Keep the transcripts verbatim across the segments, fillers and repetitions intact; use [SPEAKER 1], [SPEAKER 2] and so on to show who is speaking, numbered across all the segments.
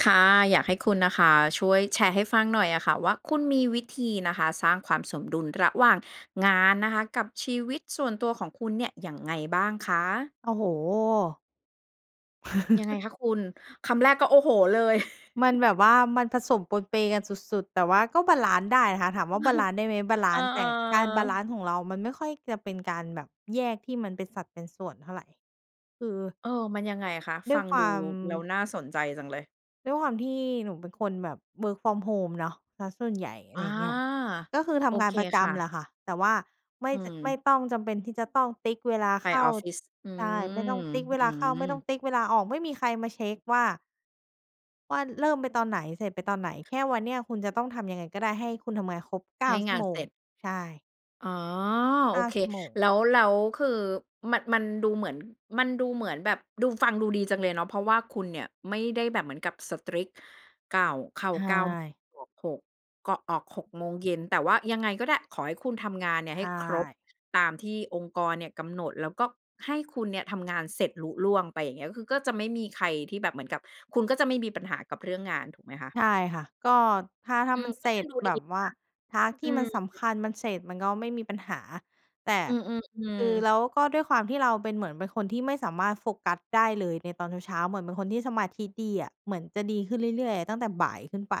[SPEAKER 1] ค่ะ อยากให้คุณนะคะ ช่วยแชร์ให้ฟังหน่อยอะค่ะว่า คุณมีวิธีนะคะ สร้างความสมดุลระหว่างงานนะคะ กับชีวิตส่วนตัวของคุณเนี่ย ยังไงบ้างคะ?
[SPEAKER 2] โอ้โฮ
[SPEAKER 1] ยังไงคะคุณ? คำแรกก็ โอ้โฮ เลย
[SPEAKER 2] มันแบบว่า มันผสมปนเปกันสุด ๆ แต่ว่าก็บาลันซ์ได้นะคะ ถามว่า บาลันซ์ได้ไหม? บาล
[SPEAKER 1] เอ
[SPEAKER 2] ั
[SPEAKER 1] อ
[SPEAKER 2] นซ์ได้ แต่ อา บาลั
[SPEAKER 1] ๆ
[SPEAKER 2] นซ์ของเรามันไม่ค่อยจะเป็นการแบบแยกที่มันเป็นสัดเป็นส่วนเท่าไร คือ
[SPEAKER 1] เออ มันยังไงอะคะ?
[SPEAKER 2] ด
[SPEAKER 1] ฟ
[SPEAKER 2] ้
[SPEAKER 1] ั
[SPEAKER 2] วย
[SPEAKER 1] ง
[SPEAKER 2] คว
[SPEAKER 1] ดู
[SPEAKER 2] า
[SPEAKER 1] ร
[SPEAKER 2] ม
[SPEAKER 1] ู้ แล้วน่าสนใจจังเลย
[SPEAKER 2] ด้วยความที่หนูเป็นคนแบบ work from home เนาะเสียส่วนใหญ่ อะ
[SPEAKER 1] อ
[SPEAKER 2] ไร
[SPEAKER 1] า
[SPEAKER 2] อย่างเงี้ย ก็คือท
[SPEAKER 1] โอ
[SPEAKER 2] ำงา
[SPEAKER 1] เค
[SPEAKER 2] นประจ
[SPEAKER 1] ค่
[SPEAKER 2] ำแ
[SPEAKER 1] ะ
[SPEAKER 2] หละค่ะ แต่ว่าไม
[SPEAKER 1] อ
[SPEAKER 2] ่
[SPEAKER 1] ื
[SPEAKER 2] จะไม่
[SPEAKER 1] ม
[SPEAKER 2] ต้องจำเป็นที่จะต้องติ๊กเวลา
[SPEAKER 1] ไป
[SPEAKER 2] เข้า
[SPEAKER 1] ออฟฟิศ อื
[SPEAKER 2] ใช่ ไม่ต
[SPEAKER 1] ม
[SPEAKER 2] ้องติ๊กเว
[SPEAKER 1] อื
[SPEAKER 2] ลาเข้า ไม่ต้อง
[SPEAKER 1] ม
[SPEAKER 2] ติ๊กเวลาออก ไม่มีใครมาเช็คว่า ว่าเริ่มไปตอนไหน เสร็จไปตอนไหน? แค่วันเนี้ยคุณจะต้องทำยังไงก็ได้ให้คุณทำงานครบ เก
[SPEAKER 1] ใ
[SPEAKER 2] ้
[SPEAKER 1] ห
[SPEAKER 2] า
[SPEAKER 1] ้
[SPEAKER 2] ชั
[SPEAKER 1] ง
[SPEAKER 2] ่
[SPEAKER 1] า
[SPEAKER 2] ว
[SPEAKER 1] น
[SPEAKER 2] โม
[SPEAKER 1] เส
[SPEAKER 2] ง
[SPEAKER 1] ร็จ
[SPEAKER 2] ใช่
[SPEAKER 1] อ๋อ
[SPEAKER 2] เ
[SPEAKER 1] โอ
[SPEAKER 2] ก้า
[SPEAKER 1] เค
[SPEAKER 2] ชั่วโมง
[SPEAKER 1] แล้ว แล้วคือมัน มันดูเหมือน มันดูเหมือนแบบดู ฟังดูดีจังเลยเนาะ เพราะว่าคุณเนี่ยไม่ได้แบบเหมือนกับ strict เก้า เข้า
[SPEAKER 2] ใช
[SPEAKER 1] เก้า
[SPEAKER 2] ่
[SPEAKER 1] ออก หก ก็ออก หก โมงเย็น แต่ว่ายังไงก็ได้ ขอให้คุณทำงานเนี
[SPEAKER 2] ใ
[SPEAKER 1] ่
[SPEAKER 2] ช
[SPEAKER 1] ยให้ครบ
[SPEAKER 2] ่
[SPEAKER 1] ตามที่องค์กรเนี่ยกำหนด แล้วก็ให้คุณเนี่ยทำงานเสร็จลุล่วงไป อย่างเงี้ย คือก็จะไม่มีใครที่แบบเหมือนกับ คุณก็จะไม่มีปัญหากับเรื่องงานถูกไหมคะ?
[SPEAKER 2] ใช่ค่ะ ก็ถ้า ถ้
[SPEAKER 1] อ
[SPEAKER 2] า
[SPEAKER 1] ื
[SPEAKER 2] ม
[SPEAKER 1] ม
[SPEAKER 2] ัน
[SPEAKER 1] ก
[SPEAKER 2] เ
[SPEAKER 1] ็
[SPEAKER 2] สร
[SPEAKER 1] ฟ
[SPEAKER 2] ็
[SPEAKER 1] ัง
[SPEAKER 2] จ
[SPEAKER 1] ดูด
[SPEAKER 2] แ
[SPEAKER 1] ี
[SPEAKER 2] บ
[SPEAKER 1] อย
[SPEAKER 2] บ
[SPEAKER 1] ู่
[SPEAKER 2] ว
[SPEAKER 1] น
[SPEAKER 2] ่า พา
[SPEAKER 1] ะ
[SPEAKER 2] ร์ต ท
[SPEAKER 1] อ
[SPEAKER 2] ี
[SPEAKER 1] ื
[SPEAKER 2] ่มั
[SPEAKER 1] ม
[SPEAKER 2] นสำคัญมันเสร็จมันก็ไม่มีปัญหา แต่
[SPEAKER 1] อื
[SPEAKER 2] ค
[SPEAKER 1] อ
[SPEAKER 2] ือ
[SPEAKER 1] ๆ ๆ
[SPEAKER 2] แล้วก็ด้วยความที่เราเป็น เหมือนเป็นคนที่ไม่สามารถโฟกัสได้เลยในตอนเช้า ๆ เหมือนเป็นคนที่สมาธิดีอะ เหมือนจะดีขึ้นเรื่อย ๆ อะตั้งแต่บ่ายขึ้นไป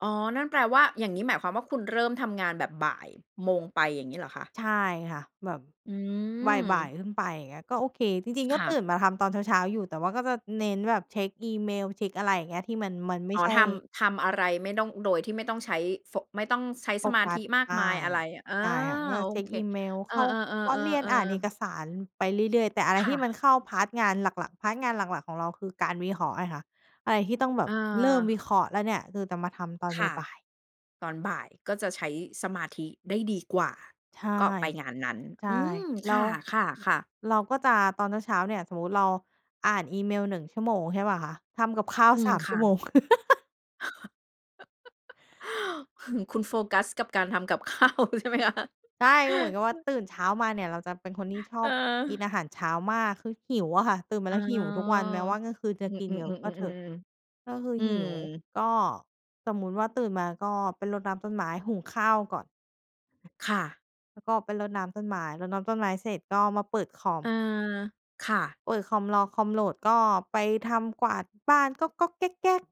[SPEAKER 1] อ๋อ นั่นแปลว่า อย่างนี้หมายความว่า คุณเริ่มทำงานแบบ บ่ายโมง ไป อย่างนี้เหรอคะ?
[SPEAKER 2] ใช่ค่ะ แบบ
[SPEAKER 1] อื
[SPEAKER 2] บ่าย
[SPEAKER 1] ม
[SPEAKER 2] ๆ ขึ้นไป อย่างเงี้ยก็โอเค จริง ๆ ก
[SPEAKER 1] ค
[SPEAKER 2] ็
[SPEAKER 1] ่
[SPEAKER 2] ต
[SPEAKER 1] ะ
[SPEAKER 2] ื่นมาทำตอนเช้า ๆ อยู่ แต่ว่าก็จะเน้นแบบเช็กอีเมล เช็กอะไรอย่างเงี้ย ที่มัน มันไม
[SPEAKER 1] อ
[SPEAKER 2] ่
[SPEAKER 1] ๋อ
[SPEAKER 2] ใช่
[SPEAKER 1] ทำ ทำอะไรไม่ต้อง โดยที่ไม่ต้องใช้โฟ ไม่ต้องใช้ส
[SPEAKER 2] โฟ
[SPEAKER 1] มา
[SPEAKER 2] ก
[SPEAKER 1] ธ
[SPEAKER 2] ั
[SPEAKER 1] ิ
[SPEAKER 2] ส
[SPEAKER 1] มาก
[SPEAKER 2] ใช
[SPEAKER 1] มา
[SPEAKER 2] ่
[SPEAKER 1] ยอะไร อา
[SPEAKER 2] ใช่ค่ะ ก็
[SPEAKER 1] โอ
[SPEAKER 2] เช็ก
[SPEAKER 1] เค
[SPEAKER 2] อีเมล
[SPEAKER 1] เอ
[SPEAKER 2] เ
[SPEAKER 1] อ
[SPEAKER 2] ข้าคอร์สเรียน อ่านเอ
[SPEAKER 1] ๆ ๆ ๆ ๆ
[SPEAKER 2] กสารไปเรื่อย ๆ แต่อะไร
[SPEAKER 1] ค
[SPEAKER 2] ท
[SPEAKER 1] ่
[SPEAKER 2] ี่มัน
[SPEAKER 1] ะ
[SPEAKER 2] เข้า พาร์ต งานหลัก ๆ พาร์ต งานหลัก ๆ ของเราคือการวิเคราะห์ไงคะ อะไรที่ต้องแบ
[SPEAKER 1] อ
[SPEAKER 2] บเริ่มว
[SPEAKER 1] า
[SPEAKER 2] ิเคราะห์แล้วเนี่ย คือจะมาทำตอน
[SPEAKER 1] ค่ะ
[SPEAKER 2] บ่าย ๆ
[SPEAKER 1] ตอนบ่ายก็จะใช้สมาธิได้ดีกว่า
[SPEAKER 2] ใช่
[SPEAKER 1] ก็ไปงานนั้น
[SPEAKER 2] ใช่
[SPEAKER 1] อืม
[SPEAKER 2] แล้
[SPEAKER 1] ค่
[SPEAKER 2] ว
[SPEAKER 1] ะ ๆ ๆ
[SPEAKER 2] เราก็จะ ตอนเช้า ๆ เนี่ย สมมติเราอ่านอีเมล หนึ่ง ชั่วโมง ใช่เปล่าคะ ทำกับข้าว
[SPEAKER 1] อื
[SPEAKER 2] ส
[SPEAKER 1] ม
[SPEAKER 2] าม
[SPEAKER 1] ค
[SPEAKER 2] ชั
[SPEAKER 1] ่
[SPEAKER 2] ่
[SPEAKER 1] ะ
[SPEAKER 2] วโมง
[SPEAKER 1] คุณโฟกัสกับการทำกับ ข้าวใช่ไหมคะ?
[SPEAKER 2] ใช่ ก็เหมือนกับว่า ตื่นเช้ามาเนี่ยเราจะเป็นคนที่ชอบกิน
[SPEAKER 1] เออ
[SPEAKER 2] อาหารเช้ามาก คือหิวอะค่ะ ตื่นมา
[SPEAKER 1] อ๋
[SPEAKER 2] แ
[SPEAKER 1] อ
[SPEAKER 2] ล้วหิวทุกวัน แม้ว่าเมื่อคืนจะ
[SPEAKER 1] อื
[SPEAKER 2] กินเยอะก็เถอะ
[SPEAKER 1] ม ๆ ๆ ๆ ๆ ๆ ๆ
[SPEAKER 2] ก็คือ
[SPEAKER 1] อื
[SPEAKER 2] หิว
[SPEAKER 1] ม
[SPEAKER 2] ก็สมมุติว่าตื่นมาก็ไปรดน้ำต้นไม้ หุงข้าวก่อน
[SPEAKER 1] ค่ะ
[SPEAKER 2] แล้วก็ไปรดน้ำต้นไม้ รดน้ำต้นไม้เสร็จก็มาเปิดคอ
[SPEAKER 1] เ
[SPEAKER 2] ม
[SPEAKER 1] ออ ค่ะ
[SPEAKER 2] เปิดคอม รอคอมโหลด ก็ไปทำกวาดบ้านก๊อก ๆ แก๊ก ๆ